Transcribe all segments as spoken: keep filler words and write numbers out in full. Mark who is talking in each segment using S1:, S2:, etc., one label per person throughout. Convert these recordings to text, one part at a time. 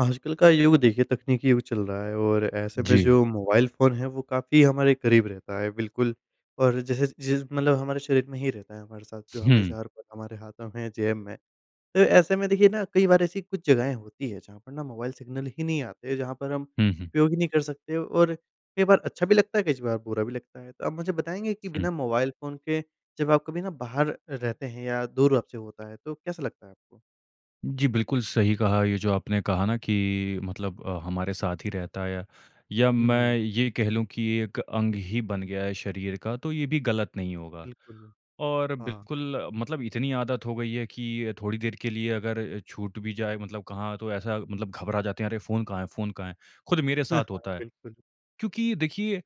S1: आजकल का युग देखिए तकनीकी युग चल रहा है और ऐसे में
S2: जी।
S1: जो मोबाइल फ़ोन है वो काफ़ी हमारे क़रीब रहता है बिल्कुल, और जैसे जैसे मतलब हमारे शरीर में ही रहता है हमारे साथ जो
S2: हुँ।
S1: हमेशा हर पल हमारे हाथों में जेब में। तो ऐसे में देखिए ना कई बार ऐसी कुछ जगहें होती है जहाँ पर ना मोबाइल सिग्नल ही नहीं आते, जहाँ पर हम
S2: हुँ, हुँ।
S1: उपयोग ही नहीं कर सकते और कई बार अच्छा भी लगता है कई बार बुरा भी लगता है। तो आप मुझे बताएँगे कि
S2: हुँ।
S1: बिना मोबाइल फ़ोन के जब आप कभी ना बाहर रहते हैं या दूर आपसे होता है तो कैसा लगता है आपको?
S2: जी, बिल्कुल सही कहा, ये जो आपने कहा ना कि मतलब अ, हमारे साथ ही रहता है या या
S1: हुँ,
S2: मैं
S1: हुँ।
S2: ये कह लूँ कि एक अंग ही बन गया है शरीर का तो ये भी गलत नहीं होगा।
S1: बिल्कुल, बिल
S2: और
S1: हाँ।
S2: बिल्कुल मतलब इतनी आदत हो गयी है कि थोड़ी देर के लिए अगर छूट भी जाए मतलब कहाँ तो ऐसा मतलब घबरा जाते हैं अरे फ़ोन कहाँ है फ़ोन कहाँ है? खुद मेरे साथ
S1: हाँ,
S2: होता है।
S1: बिल्कुल।
S2: क्योंकि देखिए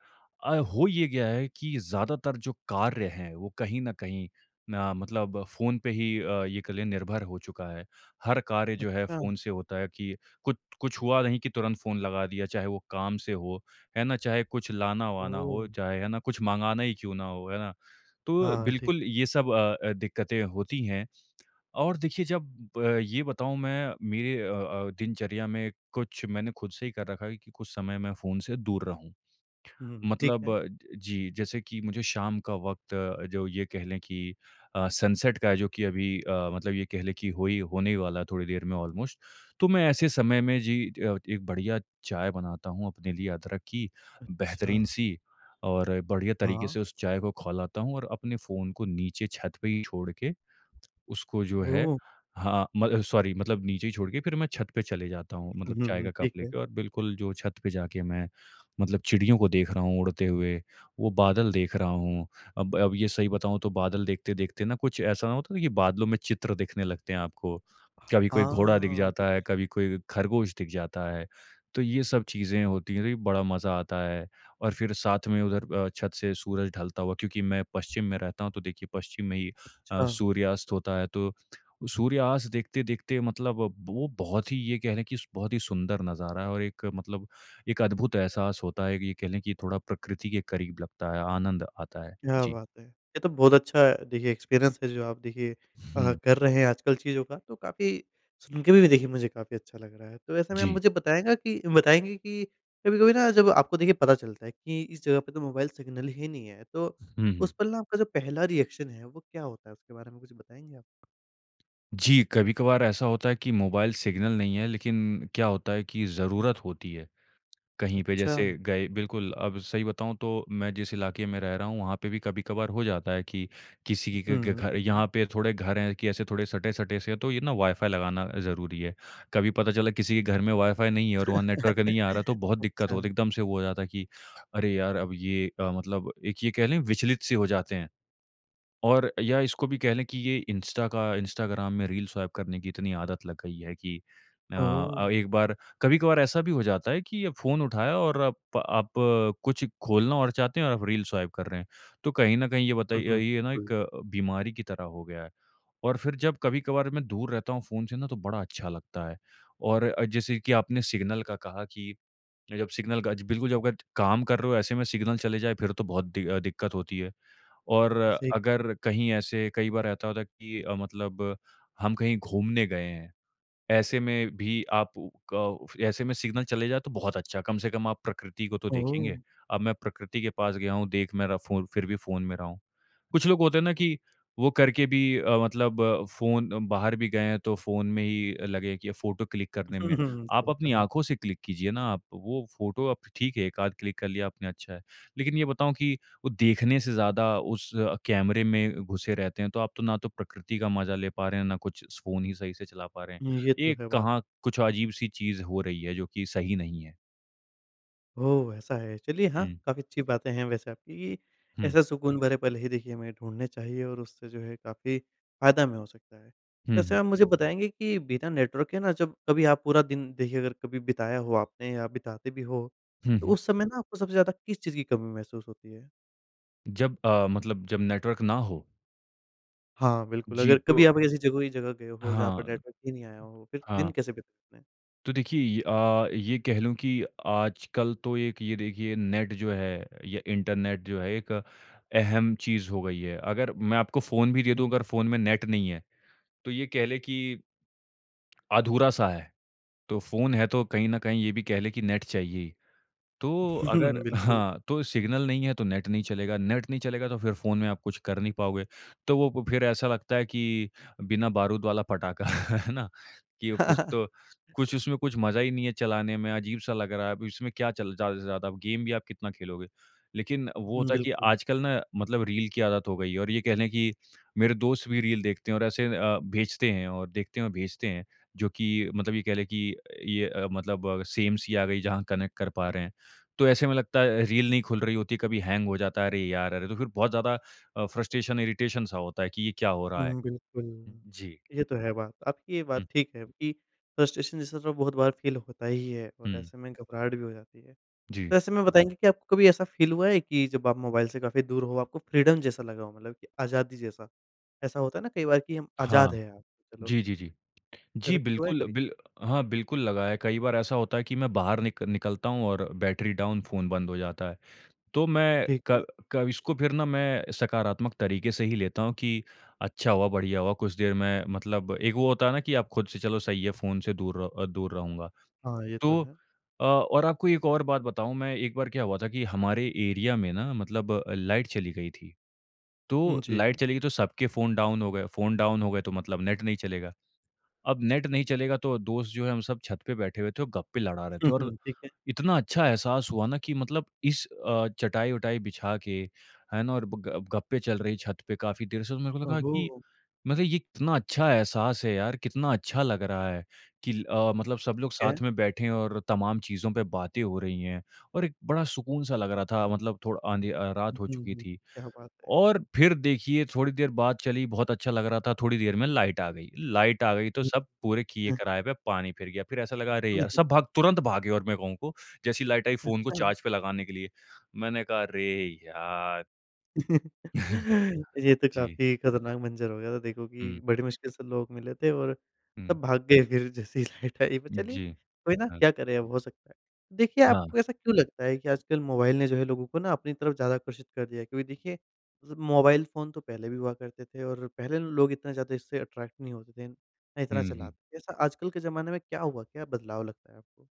S2: अ, हो ये गया है कि ज़्यादातर जो कार्य हैं वो कहीं न कहीं ना मतलब फ़ोन पे ही अ, ये कह लें निर्भर हो चुका है। हर कार्य जो है
S1: अच्छा।
S2: फ़ोन से होता है कि कुछ कुछ हुआ नहीं कि तुरंत फ़ोन लगा दिया चाहे वो काम से हो, है ना? चाहे कुछ लाना-वाना हो
S1: ओह!
S2: चाहे, है ना? कुछ मँगाना ही क्यों ना हो, है ना? तो
S1: हाँ, ठीक
S2: बिल्कुल
S1: है।
S2: ये सब अ अ, दिक्कतें होती हैं। और देखिए जब ये बताऊँ मैं मेरे अ अ, दिनचर्या में कुछ मैंने खुद से ही कर रखा है कि कुछ समय मैं फ़ोन से दूर रहूँ।
S1: हुँ, हुँ, हुँ, ठीक
S2: मतलब
S1: है।
S2: जी, जैसे कि मुझे शाम का वक़्त जो ये कह लें कि अ, सनसेट का है जो कि अभी अ, मतलब ये कह लें कि होई होने ही वाला है थोड़ी देर में ऑलमोस्ट तो मैं ऐसे समय में जी अ, एक बढ़िया चाय बनाता हूँ अपने लिए अदरक की
S1: अच्छा।
S2: बेहतरीन-सी, और बढ़िया तरीक़े
S1: हाँ।
S2: से उस चाय को खौलाता हूँ और अपने फ़ोन को नीचे छत पे ही छोड़ के, उसको जो है
S1: ओह!
S2: हाँ, मतलब सॉरी मतलब नीचे ही छोड़ के फिर मैं छत पे चले जाता हूँ
S1: हुँ,
S2: मतलब चाय
S1: हुँ,
S2: का कप
S1: ठीक है।
S2: लेके और बिल्कुल जो छत पे जाके मैं मतलब चिड़ियों को देख रहा हूँ उड़ते हुए वो बादल देख रहा हूँ, अब अब ये सही बताऊँ तो बादल देखते-देखते ना कुछ ऐसा न होता है कि बादलों में चित्र दिखने लगते हैं आपको, कभी कोई घोड़ा दिख
S1: हाँ, विच
S2: जाता है, कभी कोई ख़रगोश दिख जाता है। तो ये सब चीज़ें होती हैं बड़ा मज़ा आता है और फिर साथ में उधर अ, छत से सूरज ढलता हुआ क्योंकि मैं पश्चिम में रहता हूँ तो देखिए पश्चिम में ही अ,
S1: अच्छा।
S2: सूर्यास्त होता है तो सूर्यास्त देखते-देखते मतलब वो बहुत ही ये कह लें कि बहुत ही सुंदर नज़ारा और एक मतलब एक अद्भुत एहसास होता है कि ये कह लें कि थोड़ा प्रकृति के क़रीब लगता है, आनंद आता है।
S1: क्या
S2: जी।
S1: बात है! ये तो बहुत अच्छा देखिए एक्सपीरियंस है जो आप देखिए अ,
S2: हुँ।
S1: कर रहे हैं आजकल चीज़ों का, तो काफ़ी सुन के भी देखिए मुझे काफ़ी अच्छा लग रहा है, तो ऐसे में आप
S2: जी।
S1: मुझे बताएगा कि बताएँगे कि कभी-कभी ना जब आपको देखिए पता चलता है कि इस जगह पे तो मोबाइल सिग्नल ही नहीं है तो
S2: हुँ, हुँ।
S1: उस पल ना आपका जो पहला रिएक्शन है, वो क्या होता है उसके बारे में कुछ बताएँगे आप?
S2: जी, कभी-कभार ऐसा होता है कि मोबाइल सिग्नल नहीं है लेकिन क्या होता है कि ज़रूरत होती है। कहीं पे जैसे
S1: अच्छा।
S2: गए बिल्कुल, अब सही बताऊँ तो मैं जिस इलाके में रह रहा हूँ वहाँ पे भी कभी-कभार हो जाता है कि किसी के घ घ
S1: हुँ,
S2: घर
S1: ठीक है।
S2: यहाँ पे थोड़े घर हैं कि ऐसे थोड़े सटे-सटे से तो ये ना वाइ-फ़ाई लगाना ज़रूरी है, कभी पता चला किसी के घर में वाइ-फ़ाई नहीं है और वहाँ नेटवर्क नहीं आ रहा तो बहुत दिक्कत
S1: अच्छा।
S2: होती है। एकदम से वो हो जाता है कि अरे यार अब ये अ, मतलब एक ये कह लें विचलित-से हो जाते हैं और या इसको भी कह लें कि ये इंस्टा का, इंस्टाग्राम में रील स्वाइप करने की इतनी आदत लग गई है कि अ अ,
S1: ओह!
S2: एक बार कभी-कभार ऐसा भी हो जाता है कि अ, फ़ोन उठाया और अप आप कुछ खोलना और चाहते हैं और रील स्वाइप कर रहे हैं, तो कहीं न कहीं ये बताइए ये ना
S1: हुँ।
S2: एक अ, बीमारी की तरह हो गया है। और फिर जब कभी-कभार मैं दूर रहता हूँ फ़ोन से ना तो बड़ा अच्छा लगता है। और अ, जैसे कि आपने सिग्नल का कहा कि जब सिग्नल का ज बिल्कुल जब अगर काम कर रहे हो ऐसे में सिग्नल चले जाएँ फिर तो बहुत दि अ, दिक्कत होती है। और
S1: सही
S2: अगर कहीं ऐसे कई बार ऐसा होता है कि अ, मतलब हम कहीं घूमने गए हैं, ऐसे में भी आप क ऐसे में सिग्नल चले जाएँ तो बहुत अच्छा, कम से कम आप प्रकृति को तो देखेंगे,
S1: ओह!
S2: अब मैं प्रकृति के पास गया हूँ देख मेरा फ़ो फिर भी फ़ोन में रहा हूँ। कुछ लोग होते हैं ना कि वो करके भी अ, मतलब फ़ोन बाहर भी गए हैं तो फ़ोन में ही अ, लगे हैं कि फ़ोटो क्लिक करने में। आप
S1: सही
S2: अपनी
S1: कहा।
S2: आँखों से क्लिक कीजिए ना आप वो फ़ोटो आप ठीक है एक आध क्लिक कर लिया आपने अच्छा है, लेकिन ये बताऊँ कि वो देखने से ज़्यादा उस कैमरे में घुसे रहते हैं तो आप तो ना तो प्रकृति का मज़ा ले पा रहे हैं ना कुछ फ़ोन ही सही से चला पा रहे हैं।
S1: हुँ, ये तो
S2: एक
S1: है बात।
S2: कहाँ कुछ अजीब-सी चीज़ हो रही है जो कि सही नहीं है।
S1: ओह! ऐसा है, चलिए हाँ
S2: हुँ।
S1: काफ़ी अच्छी बातें हैं वैसे आपकी,
S2: हुँ।
S1: ऐसा सुकून भरे पल ही देखिए हमें ढूँढने चाहिए और उससे जो है काफ़ी फ़ायदा हमें हो सकता है।
S2: हुँ,
S1: वैसे
S2: हुँ।
S1: आप मुझे बताएँगे कि बिना नेटवर्क के ना जब कभी आप पूरा दिन देखिए अगर कभी बिताया हो आपने या बिताते भी हो,
S2: हुँ,
S1: तो
S2: हुँ।
S1: उस समय ना आपको सबसे ज़्यादा किस चीज़ की कमी महसूस होती है?
S2: जब अ, मतलब जब नेटवर्क ना हो।
S1: हाँ, बिल्कुल
S2: जी
S1: अगर
S2: तो
S1: कभी आप ऐसी ज़रूरी जगह गए हो, जहाँ पर
S2: हाँ,
S1: नेटवर्क ही नहीं आया हो फिर दिन
S2: हाँ।
S1: कैसे बिताएँ?
S2: तो देखिए ये अ, ये कह लूँ कि आजकल तो एक ये देखिए नेट जो है या इंटरनेट जो है एक अहम चीज़ हो गयी है। अगर मैं आपको फ़ोन भी दे
S1: हाँ।
S2: दूँ अगर फ़ोन में नेट नहीं है तो ये कह ले कि अधूरा सा है, तो फ़ोन है तो कहीं न कहीं ये भी कह ले कि नेट चाहिए ही। तो अगर
S1: बिल्कुल।
S2: हाँ तो सिग्नल नहीं है तो नेट नहीं चलेगा, नेट नहीं चलेगा तो फिर फ़ोन में आप कुछ कर नहीं पाओगे, तो वो प फिर ऐसा लगता है कि बिना बारूद वाला पटाखा है ना कि ओ कुछ तो कुछ उसमें कुछ मज़ा ही नहीं है चलाने में अजीब सा लग रहा है अब इसमें क्या चल ज़्यादा से ज़्यादा गेम भी आप कितना खेलोगे। लेकिन वो
S1: हुँ,
S2: होता है कि
S1: बिल्कुल।
S2: आजकल ना मतलब रील की आदत हो गयी है। और ये कह ले कि मेरे दोस्त भी रील देखते हैं और ऐसे अ, भेजते हैं और देखते हैं और भेजते हैं, जो कि मतलब ये कह ले कि ये अ, मतलब सेम सी आ गयी जहाँ कनेक्ट कर पा रहे हैं। तो ऐसे में लगता है रील नहीं खुल रही होती कभी हैंग हो जाता है, अरे यार अरे! तो फिर बहुत ज़्यादा अ, फ्रस्ट्रेशन इरिटेशन सा होता है कि ये क्या हो
S1: हुँ,
S2: रहा है?
S1: हुँ, बिल्कुल।
S2: जी।
S1: ये तो है बात, आपकी ये
S2: हुँ।
S1: बात ठीक है कि फ्रस्ट्रेशन जैसा बहुत बार फील होता ही है और
S2: हुँ।
S1: ऐसे में घबराहट भी हो जाती है।
S2: जी।
S1: तो ऐसे में बताएँगे कि आपको कभी ऐसा फील हुआ है कि जब आप मोबाइल से काफ़ी दूर हो, आपको फ्रीडम जैसा लगा हो? मतलब कि आज़ादी जैसा, ऐसा होता है ना कई बार कि हम
S2: हाँ।
S1: आज़ाद हैं आज, चलो
S2: जी, जी, जी। जी
S1: ऐसा कुछ हुआ है
S2: बिल्कुल
S1: कभी?
S2: बिल हाँ बिल्कुल लगा है कई बार ऐसा होता है कि मैं बाहर निक निकलता हूँ और बैटरी डाउन फ़ोन बंद हो जाता है। तो मैं
S1: ठीक है।
S2: क क इसको फिर ना मैं सकारात्मक तरीके से ही लेता हूँ कि अच्छा हुआ, बढ़िया हुआ, कुछ देर में मतलब एक वो होता है ना कि आप खुद से चलो सही है फ़ोन से दूर र अ, दूर रहूँगा।
S1: हाँ, ये तो
S2: तो
S1: है।
S2: अ, और आपको एक और बात बताऊँ मैं एक बार क्या हुआ था कि हमारे एरिया में ना मतलब लाइट चली गई थी।
S1: उम,
S2: तो लाइट
S1: जी।
S2: चलेगी तो सबके फ़ोन डाउन हो गए। फ़ोन डाउन हो गए तो मतलब नेट नहीं चलेगा। अब नेट नहीं चलेगा, तो दोस्त जो है हम सब छत पे बैठे हुए थे और गप्पे लड़ा रहे
S1: हुँ,
S2: थे और
S1: हुँ। ठीक है।
S2: इतना अच्छा एहसास हुआ ना कि मतलब इस अ, चटाई-वटाई बिछा के है ना और ब गप गप्पे चल रही है छत पे काफ़ी देर से तो मेरे को लगा कि
S1: ओहो!
S2: मतलब ये इतना अच्छा एहसास है यार, कितना अच्छा लग रहा है कि ल अ, मतलब सब लोग
S1: ठीक है।
S2: साथ में बैठे हैं और तमाम चीजों पे बातें हो रही हैं और एक बड़ा सुकून सा लग रहा था मतलब थोड़ आँधी अ,
S1: हुँ,
S2: रात हो
S1: हुँ,
S2: चुकी
S1: हुँ,
S2: थी
S1: क्या बात है!
S2: और फिर देखिए थोड़ी देर बात चली बहुत अच्छा लग रहा था। थोड़ी देर में लाइट आ गयी। लाइट आ गयी तो सब पूरे किये
S1: [unintelligible]
S2: कराये पे पानी फिर गया, फिर ऐसा लगा, "अरे यार" सब भाग तुरंत भागे और मैं कहूँ को जैसी लाइट आई फ़ोन को
S1: अच्छा।
S2: चार्ज पे लगाने के लिए। मैंने कहा, "अरे यार।"
S1: ये तो
S2: जी।
S1: काफ़ी खतरनाक मंज़र हो गया था। देखो
S2: हुँ।
S1: कि बड़ी मुश्किल से लोग मिले थे और
S2: हुँ।
S1: सब भाग गए, फिर जैसे ही लाइट आई। पर
S2: उम,
S1: चलिए,
S2: जी।
S1: कोई ना,
S2: हाँ।
S1: क्या करें, अब हो सकता है। देखिए,
S2: हाँ।
S1: आपको ऐसा क्यों लगता है कि आजकल मोबाइल ने जो है, लोगों को ना अपनी तरफ़ ज़्यादा आकर्षित कर दिया है, क्योंकि देखिए, ज़ मोबाइल फ़ोन तो पहले भी हुआ करते थे और पहले ना, लोग इतना ज़्यादा इससे अट्रैक्ट नहीं होते थे, इन इतना
S2: हुँ, हुँ।
S1: चलाते थे। ऐसा आजकल के ज़माने में क्या हुआ? क्या बदलाव लगता है आपको?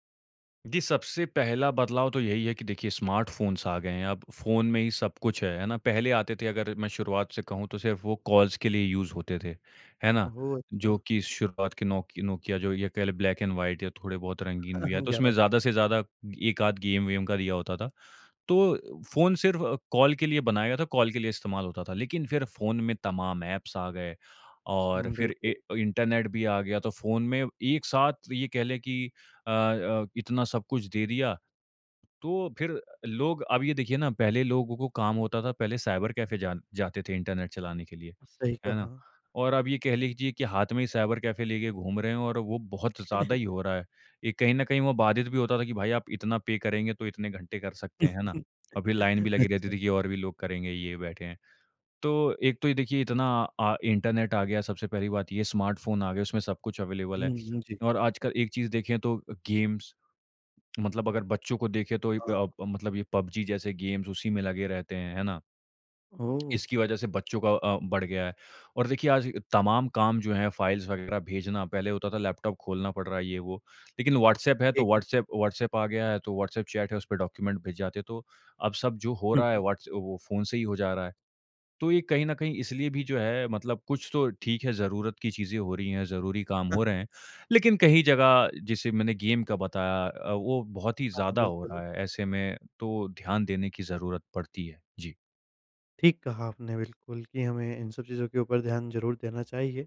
S2: जी, सबसे पहला बदलाव तो यही है कि देखिए, स्मार्टफ़ोन्स आ गए हैं। अब फ़ोन में ही सब कुछ है। है ना? पहले आते थे, अगर मैं शुरुआत से कहूँ, तो सिर्फ़ वो कॉल्स के लिए यूज़ होते थे। है ना?
S1: ओहो!
S2: जो
S1: अच्छा।
S2: कि शुरुआत के नोकि नोकिया, जो ये कह लें, ब्लैक एंड व्हाइट या थोड़े बहुत रंगीन भी, या तो
S1: ग्यारह
S2: उसमें
S1: 1100।
S2: ज़्यादा से ज़्यादा एक-आध गेम वेम का दिया होता था। तो फ़ोन सिर्फ़ कॉल के लिए बनाया गया था, कॉल के लिए इस्तेमाल होता था। लेकिन फिर फ़ोन में तमाम एप्स आ गए और
S1: हुँ,
S2: फिर ए
S1: बिल्कुल।
S2: अ, इंटरनेट भी आ गया। तो फ़ोन में एक साथ ये कह लें कि अ अ, इतना सब कुछ दे दिया, तो फिर लोग अब ये देखिए ना, पहले लोगों को काम होता था, पहले साइबर कैफ़े जान जाते थे, इंटरनेट चलाने के लिए।
S1: सही
S2: है ना?
S1: कहा।
S2: और अब ये कह लीजिए कि हाथ में ही साइबर कैफ़े लेके घूम रहे हैं और वो बहुत ज़्यादा ही हो रहा है। एक कहीं न कहीं वो बाधित भी होता था कि, "भाई, आप इतना पे करेंगे, तो इतने घंटे कर सकते हैं।" है ना? और फिर लाइन भी लगी रहती
S1: अच्छा।
S2: थी कि और भी लोग करेंगे, ये बैठे हैं। तो एक तो ये देखिए, इतना अ, इंटरनेट आ गया, सबसे पहली बात ये स्मार्टफ़ोन आ गये, उसमें सब कुछ अवेलेबल
S1: हुँ,
S2: है।
S1: हुँ, जी।
S2: और आजकल एक चीज़ देखें, तो अ, गेम्स मतलब अगर बच्चों को देखें, तो वहीं पे
S1: हाँ।
S2: आप मतलब ये पबजी जैसे गेम्स उसी में लगे रहते हैं, है ना?
S1: ओह!
S2: इसकी वजह से बच्चों का अ, बढ़ गया है। और देखिए, आज तमाम काम जो हैं, फ़ाइल्स वगैरह भेजना, पहले होता था, लैपटॉप खोलना पड़ रहा है, ये वो। लेकिन व्हॉट्सएप है, तो
S1: ठीक है।
S2: व्हॉट्सएप व्हॉट्सएप आ गया है, तो व्हॉट्सएप चैट है, उसपे डॉक्यूमेंट भिज जाते हैं। तो अब सब जो हो
S1: हुँ,
S2: रहा है,
S1: हुँ।
S2: व्हॉट्स वो फ़ोन से ही हो जा रहा है। तो ये कहीं न कहीं इसलिए भी जो है, मतलब कुछ तो ठीक है, ज़रूरत की चीज़ें हो रही हैं, ज़रूरी काम हो रहे हैं। लेकिन कई जगह, जैसे मैंने गेम का बताया, अ, वो बहुत ही
S1: हाँ,
S2: ज़्यादा हो
S1: बिल्कुल।
S2: रहा है ऐसे में, तो ध्यान देने की ज़रूरत पड़ती है। जी।
S1: ठीक कहा आपने बिल्कुल, कि हमें इन सब चीज़ों के ऊपर ध्यान ज़रूर देना चाहिए।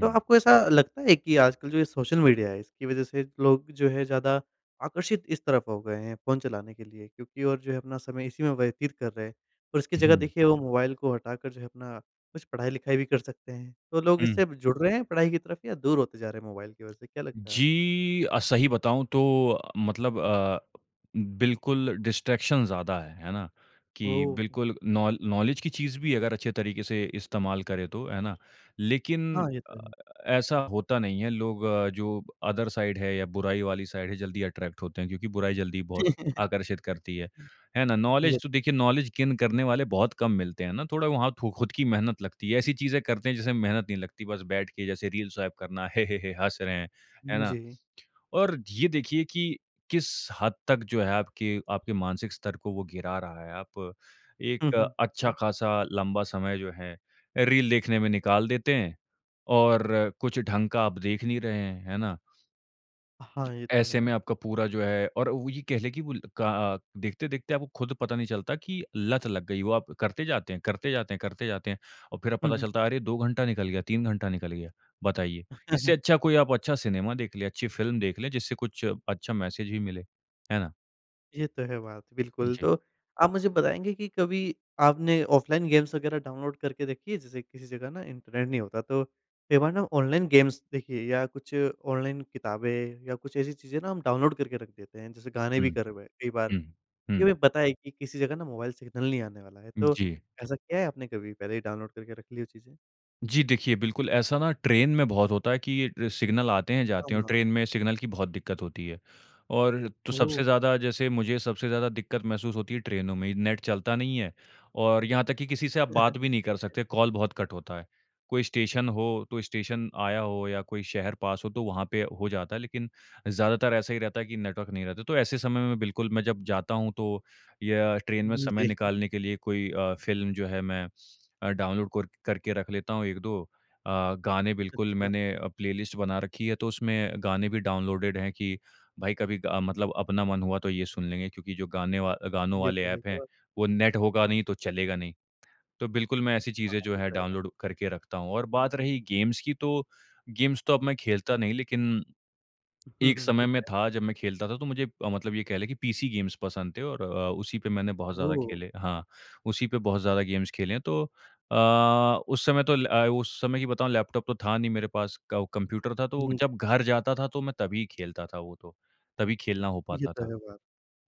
S1: तो आपको ऐसा लगता है कि आजकल जो ये सोशल मीडिया है इसकी वजह से लोग जो है ज़्यादा आकर्षित इस तरफ हो गए हैं, फ़ोन चलाने के लिए क्योंकि और जो है अपना समय इसी में व्यतीत कर रहे हैं और इसकी जगह
S2: हुँ।
S1: देखिए वो मोबाइल को हटाकर जो है अपना कुछ पढ़ाई-लिखाई भी कर सकते हैं। तो लोग
S2: हुँ।
S1: इससे जुड़ रहे हैं पढ़ाई की तरफ? या दूर होते जा रहे हैं मोबाइल की वजह से क्या लगता है आपको?
S2: जी अ, सही बताऊँ तो मतलब अ, बिल्कुल डिस्ट्रैक्शन ज़्यादा है। है ना? कि
S1: ओह!
S2: बिल्कुल नौ नॉलेज की चीज़ भी है, अगर अच्छे तरीके से इस्तेमाल करे तो, है ना? लेकिन
S1: हाँ, ये
S2: अ,
S1: तो है।
S2: ऐसा होता नहीं है लोग जो अदर साइड है, या बुराई वाली साइड है, जल्दी अट्रैक्ट होते हैं क्योंकि बुराई जल्दी बहुत आकर्षित करती है। है ना?
S1: ये
S2: नॉलेज तो
S1: तो
S2: देखिए नॉलेज गेन करने वाले बहुत कम मिलते हैं ना, थोड़ा वहाँ तो ख़ुद की मेहनत लगती है, ऐसी चीज़ें करते हैं जिसमें मेहनत नहीं लगती बस बैठ के जैसे रील स्वाइप करना हे, हे, हे, हँस रहे हैं। है ना?
S1: जी।
S2: और ये देखिए कि किस हद तक जो है आपके आपके मानसिक स्तर को वो गिरा रहा है। आप
S1: हुँ,
S2: एक
S1: हुँ।
S2: अच्छा
S1: है।
S2: खासा लंबा समय जो है अ, रील देखने में निकाल देते हैं और कुछ ढंग का आप देख नहीं रहे हैं। है ना?
S1: हाँ, ये तो
S2: ऐसे में
S1: है।
S2: आपका पूरा जो है और वो ये कह ले की का अ, देखते देखते आपको खुद पता नहीं चलता की लत लग गयी, वो आप करते जाते हैं, करते जाते हैं, करते जाते हैं और फ़िर अब
S1: हुँ,
S2: पता
S1: हुँ।
S2: चलता है अरे! दो घंटा निकल गया, तीन घंटा निकल गया। बताइए, इससे अच्छा कोई आप अच्छा सिनेमा देख लें, अच्छी फ़िल्म देख लें, जिससे कुछ अच्छा मैसेज भी मिले। है ना?
S1: ये तो है बात, बिल्कुल।
S2: जी।
S1: तो आप मुझे बताएँगे कि कभी आपने ऑफलाइन गेम्स वग़ैरह डाउनलोड करके रखी हैं? जैसे किसी जगह ना इंटरनेट नहीं होता तो कई बार ना ऑनलाइन गेम्स देखिए या कुछ ऑनलाइन किताबें या कुछ ऐसी चीज़ें ना हम डाउनलोड करके रख देते हैं। जैसे गाने भी
S2: हुँ।
S1: कर हुए हैं कई बार,
S2: हुँ,
S1: ये
S2: हुँ।
S1: हमे पता है कि किसी जगह ना मोबाइल सिग्नल नहीं आने वाला है। तो
S2: जी।
S1: ऐसा किया है आपने कभी पहले ही डाउनलोड करके रख ली हो चीज़ें?
S2: जी, देखिए बिल्कुल ऐसा ना ट्रेन में बहुत होता है कि ये सिग्नल आते हैं, जाते
S1: हाँ,
S2: हैं और
S1: हाँ।
S2: ट्रेन में सिग्नल की बहुत दिक्कत होती है। और तो सबसे
S1: ओह!
S2: ज़्यादा जैसे मुझे सबसे ज़्यादा दिक्कत महसूस होती है ट्रेनों में, नेट चलता नहीं है और यहाँ तक कि किसी से आप बात भी नहीं
S1: ठीक
S2: कर
S1: है।
S2: सकते कॉल बहुत कट होता है। कोई स्टेशन हो, कोई स्टेशन आया हो या कोई शहर पास हो तो वहाँ पे हो जाता है। लेकिन ज़्यादातर ऐसा ही रहता है कि नेटवर्क नहीं रहता। तो ऐसे समय में बिल्कुल मैं जब जाता हूँ तो या ट्रेन में समय
S1: जी।
S2: निकालने के लिए कोई अ, फ़िल्म जो है मैं अ, डाउनलोड कोर करके रख लेता हूँ एक दो अ, गाने बिल्कुल
S1: अच्छा।
S2: मैंने अ, प्लेलिस्ट बना रखी है। तो उसमें गाने भी डाउनलोडेड हैं कि भाई कभी अ, मतलब अपना मन हुआ तो ये सुन लेंगे। क्योंकि जो गाने व गानों
S1: ये
S2: वाले
S1: तो है
S2: एप हैं
S1: बात।
S2: वो नेट होगा नहीं तो चलेगा नहीं। तो बिल्कुल मैं ऐसी
S1: हाँ,
S2: चीज़ें जो
S1: ये
S2: है
S1: तो है बात।
S2: डाउनलोड करके रखता हूँ और बात रही गेम्स की। तो गेम्स तो अब मैं खेलता नहीं लेकिन
S1: हुँ,
S2: एक
S1: हुँ।
S2: समय
S1: ठीक
S2: में
S1: है।
S2: था जब मैं खेलता था। तो मुझे मतलब ये कह ले कि पीसी गेम्स पसंद थे और अ, उसी पे मैंने बहुत ज़्यादा
S1: ओह!
S2: खेले हाँ, उसी पे बहुत ज़्यादा गेम्स खेले हैं। तो अ, उस समय तो ल उस समय की बताऊँ लैपटॉप तो था नहीं मेरे पास को कंप्यूटर था। तो
S1: हुँ, जी।
S2: जब घर जाता था तो मैं तभी खेलता था वो तो तभी खेलना हो
S1: ये
S2: पाता
S1: तो
S2: था।
S1: है बात।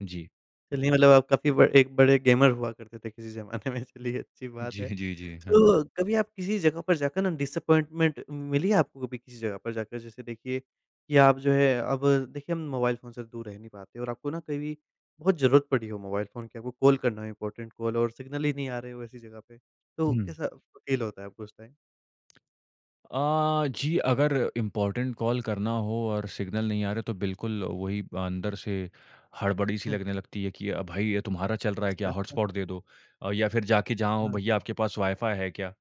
S2: जी।
S1: चलिए, मतलब आप काफ़ी ब एक बड़े गेमर हुआ करते थे किसी ज़माने में चलिए अच्छी बात
S2: जी,
S1: है।
S2: जी, जी। हाँ।
S1: तो कभी आप किसी जगह पर जाकर ना डिसअपॉइंटमेंट मिली है, आपको कभी किसी जगह पर जाकर? जैसे देखिए कि आप जो है अब देखिए हम मोबाइल फ़ोन से दूर रह नहीं पाते और आपको ना कभी बहुत ज़रूरत पड़ी हो मोबाइल फ़ोन की। आपको कॉल करना है इम्पॉर्टेंट कॉल और सिग्नल ही नहीं आ रहे हो ऐसी जगह पे। तो
S2: हुँ।
S1: कैसा फ़ील होता है आपको उस टाइम?
S2: अ, जी, अगर इम्पॉर्टेन्ट कॉल करना हो और सिग्नल नहीं आ रहे, तो बिल्कुल वही अंदर से हड़बड़ी-सी
S1: हुँ।
S2: लगने लगती है कि अ, "भई, ये तुम्हारा चल रहा है क्या?
S1: [unintelligible]
S2: हॉटस्पॉट दे दो।" अ, या फिर जाके जहाँ हो,
S1: हुँ।
S2: "भईया, आपके पास वाई-फ़ाई है क्या?"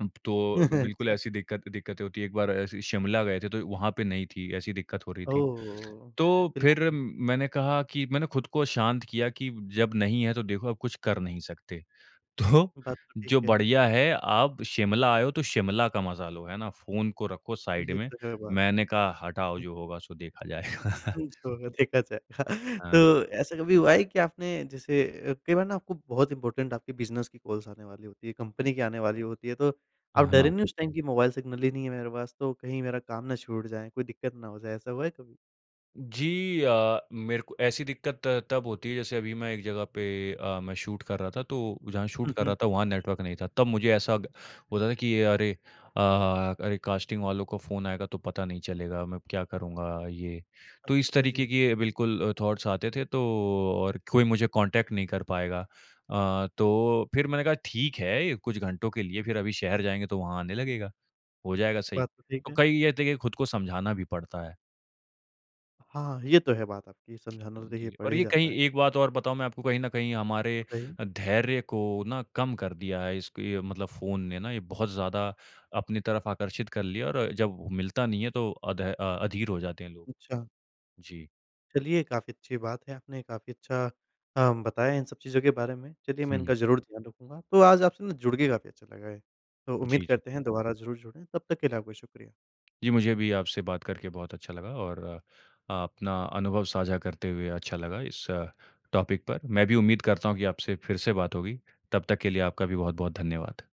S2: उम, प तो अब बिल्कुल,
S1: अच्छा।
S2: ऐसी दिक्कत दिक्कतें होती हैं। एक बार ऐसे ही शिमला गए थे, तो वहाँ पे नहीं थी, ऐसी दिक्कत हो रही थी।
S1: ओह!
S2: तो फिर
S1: बिल्कुल।
S2: मैंने कहा कि मैंने खुद को शाँत किया कि, "जब नहीं है, तो देखो, अब कुछ कर नहीं सकते। तो
S1: बात तो ठीक
S2: जो
S1: है।
S2: बढ़िया है, आप शिमला आए हो, तो शिमला का मज़ा लो। है ना? फ़ोन को रखो साइड
S1: ये
S2: में।"
S1: तो है बात।
S2: मैंने कहा, "हटाओ,
S1: हुँ।
S2: जो होगा, सो देखा जाएगा।"
S1: [unintelligible] जो होगा, देखा जाएगा। तो
S2: हाँ।
S1: ऐसा कभी हुआ है कि आपने, जैसे अ, कई बार ना आपको बहुत इम्पॉर्टेन्ट आपके बिज़नेस की कॉल्स आने वाली होती हैं, कंपनी की आने वाली होती है, तो आप
S2: हाँ।
S1: डरे नहीं उस टाइम कि, "मोबाइल सिग्नल ही नहीं है मेरे पास, तो कहीं मेरा काम ना छूट जाए, कोई दिक्कत ना हो जाए।"? ऐसा हुआ है कभी?
S2: जी अ, मेरे को ऐसी दिक्कत तब होती है, जैसे अभी मैं एक जगह पे अ, मैं शूट कर रहा था, तो जहाँ शूट
S1: हुँ,
S2: कर
S1: हुँ,
S2: रहा था,
S1: ठीक
S2: वहाँ
S1: है।
S2: नेटवर्क नहीं था। तब मुझे ऐसा ग होता था कि, "अरे! अ अ अरे! कॉस्टिंग वालों का फ़ोन आएगा, तो पता नहीं चलेगा। मैं क्या करूँगा?" ये। तो इस
S1: अच्छा,
S2: तरीके
S1: जी।
S2: के बिल्कुल थॉट्स आते थे तो और कोई मुझे कॉन्टैक्ट नहीं कर पाएगा। अ, तो फिर मैंने कहा, "ठीक है, कुछ घंटों के लिए। फिर अभी शहर जाएँगे, तो वहाँ आने लगेगा। हो जाएगा सही।"
S1: बात तो ठीक
S2: तो
S1: है।
S2: कई ये थे कि खुद को समझाना भी पड़ता है।
S1: हाँ, हाँ, हाँ। ये तो है बात आपकी। समझाना तो देखिए,
S2: जी।
S1: पड़
S2: और
S1: ही
S2: ये कहीं
S1: जाता है।
S2: एक बात और बताऊँ मैं आपको, कहीं न कहीं हमारे
S1: बताइए।
S2: अ, धैर्य को ना कम कर दिया है। इसके मतलब फ़ोन ने ना, ये बहुत ज़्यादा अपनी तरफ़ आकर्षित कर लिया है और जब मिलता नहीं है, तो अध अ अधीर हो जाते हैं लोग।
S1: अच्छा।
S2: जी।
S1: चलिए, काफ़ी अच्छी बात है। आपने काफ़ी अच्छा काम बताया इन सब चीज़ों के बारे में। चलिए, मैं
S2: हुँ, हुँ।
S1: इनका ज़रूर ध्यान रखूँगा। तो आज आपसे ना, जुड़ के काफ़ी अच्छा लगा है। तो उम्मीद
S2: जी, जी।
S1: करते हैं, दोबारा ज़रूर जुड़ें। तब तक के लिए आपका शुक्रिया।
S2: जी, मुझे भी आपसे बात करके बहुत अच्छा लगा और अपना अनुभव साझा करते हुए अच्छा लगा इस टॉपिक पर। मैं भी उम्मीद करता हूँ कि आपसे फिर से बात होगी। तब तक के लिए आपका भी बहुत-बहुत धन्यवाद।